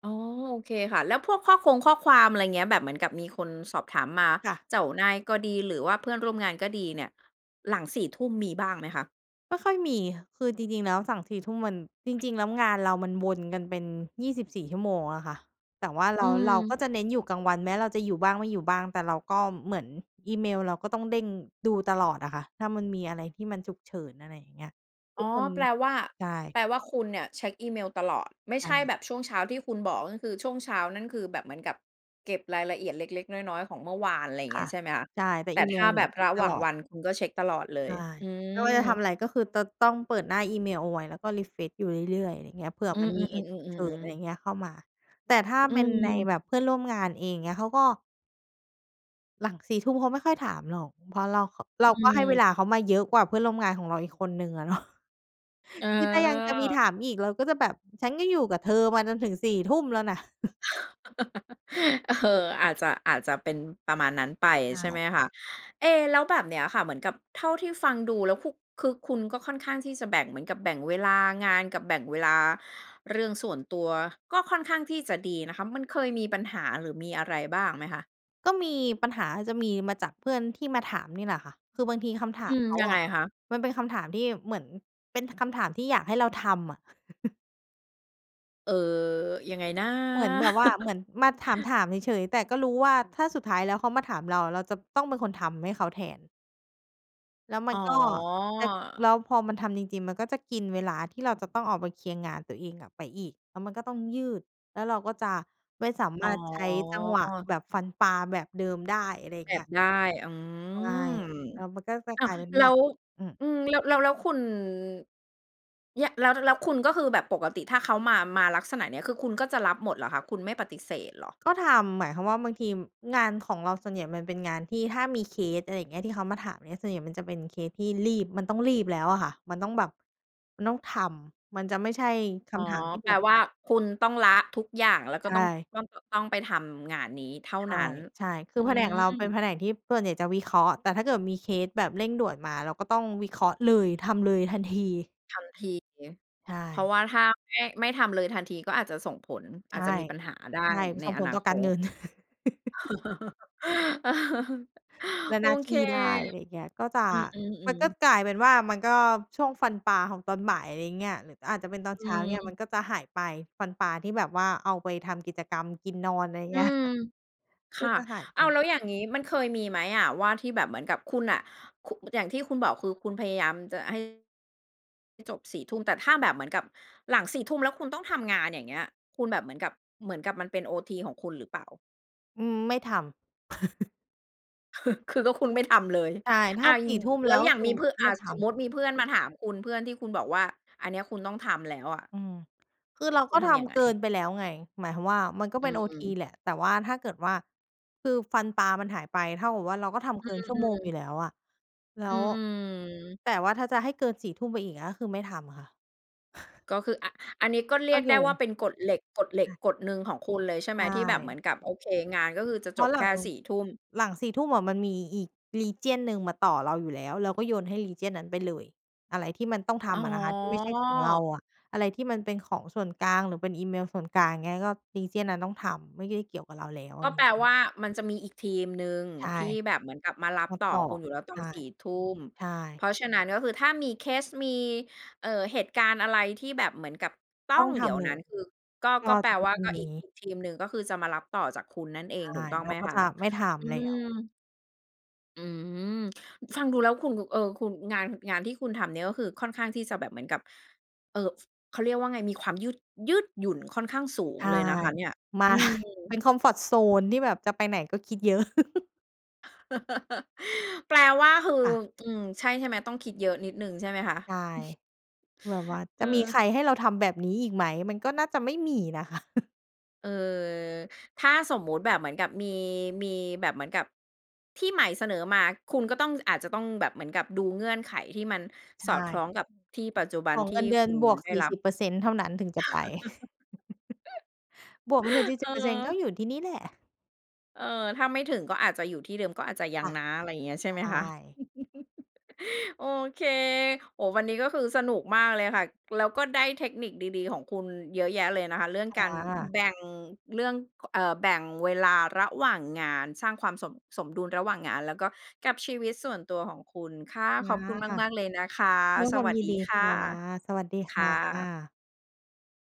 [SPEAKER 1] อ๋อ โอเคค่ะ แล้วพวกข้อคงข้อความ อะไรเงี้ย แบบเหมือนกับมีคนสอบถามมา
[SPEAKER 2] ค่ะ
[SPEAKER 1] เจ้านายก็ดี หรือว่าเพื่อนร่วมงานก็ดีเนี่ยหลัง สี่ ทุ่มมีบ้างไหมคะ?
[SPEAKER 2] ไม่ค่อยมี คือจริง ๆ แล้วสั่ง สี่ ทุ่มมัน จริง ๆ แล้วงานเรามันวนกันเป็น ยี่สิบสี่ ชั่วโมงอะค่ะ แต่ว่าเ
[SPEAKER 1] อ
[SPEAKER 2] ร
[SPEAKER 1] ื
[SPEAKER 2] า เราก
[SPEAKER 1] ม
[SPEAKER 2] ็จะเน้นอยู่กลางวันแม้เราจะอยู่บ้างไม่อยู่บ้าง แต่เราก็เหมือนอีเมลเราก็ต้องเด้งดูตลอดอะค่ะ ถ้ามันมีอะไรที่มันฉุกเฉิน อะไรอย่างเงี้ย
[SPEAKER 1] อ
[SPEAKER 2] ท
[SPEAKER 1] ๋
[SPEAKER 2] ุ
[SPEAKER 1] อ
[SPEAKER 2] กคน
[SPEAKER 1] แปลว่า
[SPEAKER 2] ใช่
[SPEAKER 1] แปลว่าคุณเนี่ยเช็กอีเมลตลอด ไม่
[SPEAKER 2] ใช
[SPEAKER 1] ใช่แ
[SPEAKER 2] ่
[SPEAKER 1] บบช่วงเช้าที่คุณบอก ก็คือช่วงเช้านั่น คือแบบเหมือนกับเก็บรายละเอียดเล็ก ๆ น้อย ๆ ของเมื่อวาน อะไรอย่าง
[SPEAKER 2] ค
[SPEAKER 1] เงี้
[SPEAKER 2] ่ะ
[SPEAKER 1] ย ใช่ไหมคะ
[SPEAKER 2] ใช่ แต่
[SPEAKER 1] แต่
[SPEAKER 2] อี
[SPEAKER 1] ถ
[SPEAKER 2] เม
[SPEAKER 1] ้า
[SPEAKER 2] ลเน
[SPEAKER 1] แ
[SPEAKER 2] ี
[SPEAKER 1] บ
[SPEAKER 2] ่ย
[SPEAKER 1] บ
[SPEAKER 2] เช
[SPEAKER 1] ร
[SPEAKER 2] ็ก
[SPEAKER 1] ะห
[SPEAKER 2] ต
[SPEAKER 1] ว่า
[SPEAKER 2] ล
[SPEAKER 1] ง
[SPEAKER 2] อ
[SPEAKER 1] ว
[SPEAKER 2] ด
[SPEAKER 1] ันคุณก็เช็กตลอดเล
[SPEAKER 2] ใช
[SPEAKER 1] ย
[SPEAKER 2] ่
[SPEAKER 1] อื
[SPEAKER 2] ไม่ว่าจะทำ
[SPEAKER 1] ม
[SPEAKER 2] อะไร ก็คือจะต้องเปิดหน้าอีเมลเอาไว้แล้วก็รีเฟรชอยู่เรื่อย ๆ อะไรอย่างเงี้ย เผื่อ
[SPEAKER 1] อื
[SPEAKER 2] มัน
[SPEAKER 1] อ
[SPEAKER 2] มีเหตุฉุกเฉิน อะไร
[SPEAKER 1] ๆ ๆ ๆ ๆ ๆ
[SPEAKER 2] อย่างเงี้ย เข้ามา แต่ถ้า
[SPEAKER 1] อื
[SPEAKER 2] เป็นใน
[SPEAKER 1] ม
[SPEAKER 2] แบบเพื่อนร่วมงานเองเงี้ยเขาก็ หลัง สี่ ทุ่มเขาไม่ค่อยถามหรอก เพราะเรา เรา
[SPEAKER 1] อื
[SPEAKER 2] ก็ให้เว
[SPEAKER 1] ม
[SPEAKER 2] ลาเขามาเยอะกว่าเพื่อนร่วมงานของเราอีกคนหนึ่งอะเนาะ
[SPEAKER 1] เ
[SPEAKER 2] คือถ้ายังจะมีถ
[SPEAKER 1] ออ
[SPEAKER 2] ามอีกเราก็จะแบบฉันก็อยู่กับเธอมาจนถึง สี่ ทุ่มแล้วนะ
[SPEAKER 1] เออ อาจจะ อาจจะเป็นประมาณนั้นไป
[SPEAKER 2] ใช
[SPEAKER 1] ใช่ไห
[SPEAKER 2] ่
[SPEAKER 1] มคะ เอ๊ แล้วแบบเนี้ยค่ะ เหมือนกับเท่าที่ฟังดูแล้ว คุ คือคุณก็ค่อนข้างที่จะแบ่งเหมือนกับ แบ่งเวลางานกับแบ่งเวลาเรื่องส่วนตัว ก็ค่อนข้างที่จะดีนะคะ มันเคยมีปัญหา หรือมีอะไรบ้างไหมคะ?
[SPEAKER 2] ก็มี ปัญหาจะมีมาจากเพื่อนที่มาถามนี่แหละค่ะ คือบางทีคำถา
[SPEAKER 1] อื
[SPEAKER 2] ม
[SPEAKER 1] ม
[SPEAKER 2] เขา
[SPEAKER 1] ยัง
[SPEAKER 2] อ
[SPEAKER 1] ไง
[SPEAKER 2] ะ
[SPEAKER 1] คะ?
[SPEAKER 2] มันเป็นคำถามที่เหมือน เป็นคำถามที่อยากให้เราทำอะ
[SPEAKER 1] เอ่อ ยังไงนะ?
[SPEAKER 2] เหมือนแบบว่า เหมือนมาถาม ๆ เฉย ๆ แต่ก็รู้ว่า ถ้าสุดท้ายแล้วเขามาถามเรา เราจะต้องเป็นคนทำให้เขาแทน แล้วม
[SPEAKER 1] อ
[SPEAKER 2] ั
[SPEAKER 1] ๋
[SPEAKER 2] นก็ จะ
[SPEAKER 1] อ
[SPEAKER 2] แล้วพอมันทำจริง ๆ มันก็จะกินเวลาที่เราจะต้องเอามาเคลียร์งานตัวเองอะไปอีก แล้วมันก็ต้องยืด แล้วเราก็จะไม่สา
[SPEAKER 1] อ
[SPEAKER 2] ม
[SPEAKER 1] ๋
[SPEAKER 2] ารถใช้จังหวะ
[SPEAKER 1] อ
[SPEAKER 2] แบบฟันปลาแบบเดิมได้ อะไรอย่า
[SPEAKER 1] แอ
[SPEAKER 2] งเงี
[SPEAKER 1] บ
[SPEAKER 2] ้ย
[SPEAKER 1] ได้ อื
[SPEAKER 2] ใช่
[SPEAKER 1] ม
[SPEAKER 2] แล้วมันก็จะ
[SPEAKER 1] อ้า
[SPEAKER 2] กล
[SPEAKER 1] ว!
[SPEAKER 2] ายเป็น
[SPEAKER 1] แล
[SPEAKER 2] ว่
[SPEAKER 1] ้
[SPEAKER 2] า
[SPEAKER 1] ว
[SPEAKER 2] อือ
[SPEAKER 1] อือ แล้ว แล้ว แล้วคุณ เนี่ย แล้ว แล้วคุณก็คือแบบปกติถ้าเขามา มาลักษณะเนี้ย คือคุณก็จะรับหมดเหรอคะ คุณไม่ปฏิเสธเหรอ?
[SPEAKER 2] ก็ทำ หมายความว่า บางที งานของเราส่วนใหญ่มันเป็นงานที่ถ้ามีเคส อะไรเงี้ย ที่เขามาถามเนี่ย ส่วนใหญ่มันจะเป็นเคสที่รีบ มันต้องรีบแล้วอะค่ะ มันต้องแบบ มันต้องทำ มันจะไม่ใช่ค
[SPEAKER 1] อ๋อ
[SPEAKER 2] ำถามที่
[SPEAKER 1] แป
[SPEAKER 2] แบ
[SPEAKER 1] ล
[SPEAKER 2] บ
[SPEAKER 1] ว่าคุณต้องละทุกอย่าง แล้วก
[SPEAKER 2] ใ
[SPEAKER 1] ็
[SPEAKER 2] ช
[SPEAKER 1] ต้อง
[SPEAKER 2] ่
[SPEAKER 1] ต้อง ต้องไปทำงานนี้เท่า
[SPEAKER 2] ใช่
[SPEAKER 1] นั้น
[SPEAKER 2] ใช่ คื
[SPEAKER 1] อื
[SPEAKER 2] อแผนกเราเป็
[SPEAKER 1] อ
[SPEAKER 2] นแผนกที่ส่วนใหญ่จะวิเคราะห์ แต่ถ้าเกิดมีเคสแบบเร่งด่วนมา เราก็ต้องวิเคราะห์เลย ทำเลยทันที
[SPEAKER 1] ทันที
[SPEAKER 2] ใช
[SPEAKER 1] เพราะ
[SPEAKER 2] ่
[SPEAKER 1] ว่าถ้าไม่ ไม่ทำเลยทันทีก็อาจจะส่งผล
[SPEAKER 2] ใ
[SPEAKER 1] อ
[SPEAKER 2] ช
[SPEAKER 1] าจ
[SPEAKER 2] ่
[SPEAKER 1] จะมีปัญหาได้
[SPEAKER 2] ใช่
[SPEAKER 1] ใน
[SPEAKER 2] ส่ง
[SPEAKER 1] อ
[SPEAKER 2] ผล
[SPEAKER 1] นา
[SPEAKER 2] ต่อ
[SPEAKER 1] ค
[SPEAKER 2] การเง
[SPEAKER 1] ต
[SPEAKER 2] ิน แล้ว
[SPEAKER 1] โอ
[SPEAKER 2] หน้า
[SPEAKER 1] เ
[SPEAKER 2] ท
[SPEAKER 1] ค
[SPEAKER 2] ี่ได้ อะไรเงี้ย ก็จะ
[SPEAKER 1] อื
[SPEAKER 2] มัน
[SPEAKER 1] อ
[SPEAKER 2] ก็
[SPEAKER 1] ๆ ๆ
[SPEAKER 2] กลายเป็นว่า มันก็ช่วงฟันปลาของตอนบ่าย อะไรอย่างเงี้ย หรืออาจจะเป็นตอน
[SPEAKER 1] อ
[SPEAKER 2] เช้าเงี้ย ม
[SPEAKER 1] ืม
[SPEAKER 2] ันก็จะหายไป ฟันปลาที่แบบว่าเอาไปทำกิจกรรมกินนอน อะไรอย่างเ
[SPEAKER 1] อื
[SPEAKER 2] งี้ย
[SPEAKER 1] ม
[SPEAKER 2] ก
[SPEAKER 1] ค
[SPEAKER 2] ็
[SPEAKER 1] ่ะ
[SPEAKER 2] จะหายไ
[SPEAKER 1] อ้าว
[SPEAKER 2] ป
[SPEAKER 1] แล้วอย่างงี้ มันเคยมีไหมอะว่าที่แบบเหมือนกับคุณน่ะ ค อย่างที่คุณบอก คือคุณพยายามจะให้ ให้จบ สี่ทุ่ม แต่ถ้าแบบเหมือนกับหลัง สี่ทุ่ม แล้วคุณต้องทำงาน อย่างเงี้ย คุณแบบเหมือนกับ เหมือนกับมันเป็นโอที ของคุณหรือเปล่า?
[SPEAKER 2] อืม ไม่ทำ
[SPEAKER 1] คือก็คุณไม่ทำ เลย
[SPEAKER 2] ใช่ ถ
[SPEAKER 1] อ
[SPEAKER 2] ้
[SPEAKER 1] า
[SPEAKER 2] า
[SPEAKER 1] ย
[SPEAKER 2] ส
[SPEAKER 1] ิ
[SPEAKER 2] ี
[SPEAKER 1] น
[SPEAKER 2] ่
[SPEAKER 1] หง
[SPEAKER 2] ทุ
[SPEAKER 1] ิ
[SPEAKER 2] ่ม
[SPEAKER 1] แ
[SPEAKER 2] แ
[SPEAKER 1] ล
[SPEAKER 2] ล
[SPEAKER 1] ้
[SPEAKER 2] ้
[SPEAKER 1] ว
[SPEAKER 2] ว
[SPEAKER 1] อ
[SPEAKER 2] ก
[SPEAKER 1] ย่
[SPEAKER 2] ็
[SPEAKER 1] าง
[SPEAKER 2] คื
[SPEAKER 1] ม
[SPEAKER 2] อ
[SPEAKER 1] ีพื่อ อ
[SPEAKER 2] ไ
[SPEAKER 1] ่
[SPEAKER 2] ม
[SPEAKER 1] า
[SPEAKER 2] ่
[SPEAKER 1] ส
[SPEAKER 2] ท
[SPEAKER 1] สม
[SPEAKER 2] ำ
[SPEAKER 1] มติมีเพื่อนมาถามคุณ เพื่อนที่คุณบอกว่า อันเนี้ยคุณต้องทำแล้วอะ
[SPEAKER 2] อืม คือเรา
[SPEAKER 1] ค
[SPEAKER 2] ก็
[SPEAKER 1] ุณท
[SPEAKER 2] ท
[SPEAKER 1] ำยังไ
[SPEAKER 2] ำ
[SPEAKER 1] ง?
[SPEAKER 2] เกินไปแล้วไง หมายความว่า มันก็
[SPEAKER 1] อื
[SPEAKER 2] เป็นโอที
[SPEAKER 1] ม
[SPEAKER 2] แหละ แต่ว่าถ้าเกิดว่า คือฟันปลามันหายไป เท่ากับว่าเราก็ทำเ
[SPEAKER 1] อ
[SPEAKER 2] กินชั่
[SPEAKER 1] ื
[SPEAKER 2] วโมง
[SPEAKER 1] ม
[SPEAKER 2] อยู
[SPEAKER 1] ๆ
[SPEAKER 2] ่แล้วอะ แล้
[SPEAKER 1] อื
[SPEAKER 2] ว
[SPEAKER 1] ม ๆ
[SPEAKER 2] แต่ว่าถ้าจะให้เกิน สี่ทุ่ม ไปอีก เงี้ย คือไม่ทำอะค่ะ
[SPEAKER 1] ก็คืออะ อันนี้ก็เร
[SPEAKER 2] ก
[SPEAKER 1] ี
[SPEAKER 2] ็
[SPEAKER 1] ยก
[SPEAKER 2] โ
[SPEAKER 1] ไ
[SPEAKER 2] ย
[SPEAKER 1] ด้ว่
[SPEAKER 2] น
[SPEAKER 1] าเป็นกฎเหล็ก กฎเหล็
[SPEAKER 2] ใช
[SPEAKER 1] ก
[SPEAKER 2] ่
[SPEAKER 1] กฎหนึ่งของคุณเลยใช่
[SPEAKER 2] ใ
[SPEAKER 1] ไห
[SPEAKER 2] ช
[SPEAKER 1] ม? ที่แบบเห
[SPEAKER 2] ่
[SPEAKER 1] มือนกับ โอเค งานก็คือจะ
[SPEAKER 2] เพ
[SPEAKER 1] จ
[SPEAKER 2] รา
[SPEAKER 1] บ
[SPEAKER 2] ะหล
[SPEAKER 1] แค
[SPEAKER 2] ั
[SPEAKER 1] ่
[SPEAKER 2] ง
[SPEAKER 1] สี่ทุ่ม
[SPEAKER 2] หลัง สี่ทุ่ม อะมันมีอีก region หนึ่งมาต่อเราอยู่แล้ว เราก็โยนให้ region นั้นไปเลย อะไรที่มันต้องท
[SPEAKER 1] อ๋
[SPEAKER 2] ำอะนะคะ ที่ไม่ใช่ของเรา
[SPEAKER 1] อ
[SPEAKER 2] อะ อะไรที่มันเป็นของส่วนกลาง หรือเป็นอีเมลส่วนกลาง เงี้ย ก็ region นั้นต้องทำ ไม่ได้เกี่ยวกับเราแล้ว ไ
[SPEAKER 1] ก
[SPEAKER 2] ร
[SPEAKER 1] ็
[SPEAKER 2] เ
[SPEAKER 1] แ
[SPEAKER 2] ง
[SPEAKER 1] ป
[SPEAKER 2] ี
[SPEAKER 1] ล
[SPEAKER 2] ้ย
[SPEAKER 1] ว่า มันจะมีอีกทีมหนึ่ง
[SPEAKER 2] ใช่
[SPEAKER 1] ที่
[SPEAKER 2] ค
[SPEAKER 1] แ
[SPEAKER 2] ่
[SPEAKER 1] บ
[SPEAKER 2] ะ
[SPEAKER 1] บเหมือนกับมารับ
[SPEAKER 2] รับ
[SPEAKER 1] ต่อ
[SPEAKER 2] ต่อ
[SPEAKER 1] คุณอยู่แล้วต
[SPEAKER 2] ใ
[SPEAKER 1] อ
[SPEAKER 2] ช
[SPEAKER 1] น
[SPEAKER 2] ่
[SPEAKER 1] สี่ทุ่ม
[SPEAKER 2] ใช
[SPEAKER 1] เพ
[SPEAKER 2] ่
[SPEAKER 1] ราะฉะนั้นก็คือถ้ามีเคส มี เอ่อ เหตุการณ์อะไรที่แบบเหมือนกับต้
[SPEAKER 2] ต
[SPEAKER 1] อ
[SPEAKER 2] ้อ
[SPEAKER 1] ง
[SPEAKER 2] งท
[SPEAKER 1] เดี๋ยว
[SPEAKER 2] ำเล
[SPEAKER 1] นั้น
[SPEAKER 2] ย
[SPEAKER 1] คือ ก็
[SPEAKER 2] ก็
[SPEAKER 1] ก็แป
[SPEAKER 2] จ
[SPEAKER 1] ล
[SPEAKER 2] ะเป็น
[SPEAKER 1] ว่า
[SPEAKER 2] พรุ่
[SPEAKER 1] ก
[SPEAKER 2] ง
[SPEAKER 1] ็
[SPEAKER 2] นี
[SPEAKER 1] อีก
[SPEAKER 2] ้
[SPEAKER 1] อีกทีมหนึ่งก็คือจะมารับต่อจากคุณนั่นเอ
[SPEAKER 2] ใช
[SPEAKER 1] งถู
[SPEAKER 2] ่
[SPEAKER 1] กต้อง
[SPEAKER 2] เร
[SPEAKER 1] ไ
[SPEAKER 2] า
[SPEAKER 1] หม
[SPEAKER 2] ก็
[SPEAKER 1] คะ?
[SPEAKER 2] จะไม่ท
[SPEAKER 1] อื
[SPEAKER 2] ำแล้ว
[SPEAKER 1] ม อืม ฟังดูแล้วคุณ ค เออ คุณ งาน ห งานที่คุณทำเนี้ย ก็คือค่อนข้างที่จะแบบเหมือนกับ เอ่อ เขาเรียกว่าไง มีความยืด ยืดหยุ่นค่อนข้างสูง
[SPEAKER 2] ใช่
[SPEAKER 1] เลยนะคะเนี่ย
[SPEAKER 2] มา
[SPEAKER 1] อืม
[SPEAKER 2] เป็นคอมฟอร์ตโซนที่แบบจะไปไหนก็คิดเยอะ
[SPEAKER 1] แปลว่าคือ
[SPEAKER 2] ค่ะ
[SPEAKER 1] อืม ใช่ ใช่ไหม ต้องคิดเยอะนิดหนึ่งใช่ไหมคะ?
[SPEAKER 2] ใช่ แบบว่าจะมี
[SPEAKER 1] เออ
[SPEAKER 2] ใครให้เราทำแบบนี้อีกไหม? มันก็น่าจะไม่มีนะคะ
[SPEAKER 1] เออ ถ้าสมมติแบบเหมือนกับมี มีแบบเหมือนกับ ที่ใหม่เสนอมา คุณก็ต้อง อาจจะต้องแบบเหมือนกับดูเงื่อนไขที่มัน
[SPEAKER 2] ใช
[SPEAKER 1] สอดคล้
[SPEAKER 2] ่
[SPEAKER 1] องกับที่ปัจจุบั
[SPEAKER 2] ข
[SPEAKER 1] น
[SPEAKER 2] อง
[SPEAKER 1] ท
[SPEAKER 2] เ
[SPEAKER 1] ี
[SPEAKER 2] ง
[SPEAKER 1] ่
[SPEAKER 2] ินเดือ
[SPEAKER 1] ค
[SPEAKER 2] น
[SPEAKER 1] ุณ
[SPEAKER 2] บวก
[SPEAKER 1] ได้
[SPEAKER 2] สี่
[SPEAKER 1] รับ
[SPEAKER 2] สิบเปอร์เซ็นต์ เท่านั้นถึงจะไป บวกไม่ถึง สี่
[SPEAKER 1] เ
[SPEAKER 2] ส
[SPEAKER 1] อ
[SPEAKER 2] ิ
[SPEAKER 1] อ
[SPEAKER 2] บเปอร์เซ็นต์ ก็อยู่ที่นี่แหละ
[SPEAKER 1] เออ ถ้าไม่ถึงก็อาจจะอยู่ที่เดิม ก็อาจจะยั
[SPEAKER 2] ค
[SPEAKER 1] ง
[SPEAKER 2] ่ะ
[SPEAKER 1] นะ อะไรอย่างเงี้ยใช่
[SPEAKER 2] ใช
[SPEAKER 1] ไหมคะ?
[SPEAKER 2] ่
[SPEAKER 1] โอเค โอ้ วันนี้ก็คือสนุกมากเลยค่ะ แล้วก็ได้เทคนิคดี ๆ ของคุณเยอะแยะเลยนะคะ เรื่อง
[SPEAKER 2] ค
[SPEAKER 1] การ
[SPEAKER 2] ่ะ
[SPEAKER 1] แบ่งเรื่อง เอ่อ แบ่งเวลาระหว่างงาน สร้างความสม สมดุลระหว่างงาน แล้วก็กับชีวิตส่วนตัวของคุณ ค่ะ
[SPEAKER 2] อ
[SPEAKER 1] ข
[SPEAKER 2] า
[SPEAKER 1] อบคุณ
[SPEAKER 2] ค่ะ
[SPEAKER 1] มาก ๆ เลยนะคะ ส
[SPEAKER 2] ควา
[SPEAKER 1] ว
[SPEAKER 2] ม
[SPEAKER 1] ัส
[SPEAKER 2] ยิน
[SPEAKER 1] ดี
[SPEAKER 2] ดี
[SPEAKER 1] ค
[SPEAKER 2] ค
[SPEAKER 1] ่ะ
[SPEAKER 2] ่ะ สวัสดี
[SPEAKER 1] ค
[SPEAKER 2] ค
[SPEAKER 1] ่
[SPEAKER 2] ่
[SPEAKER 1] ะ
[SPEAKER 2] ะ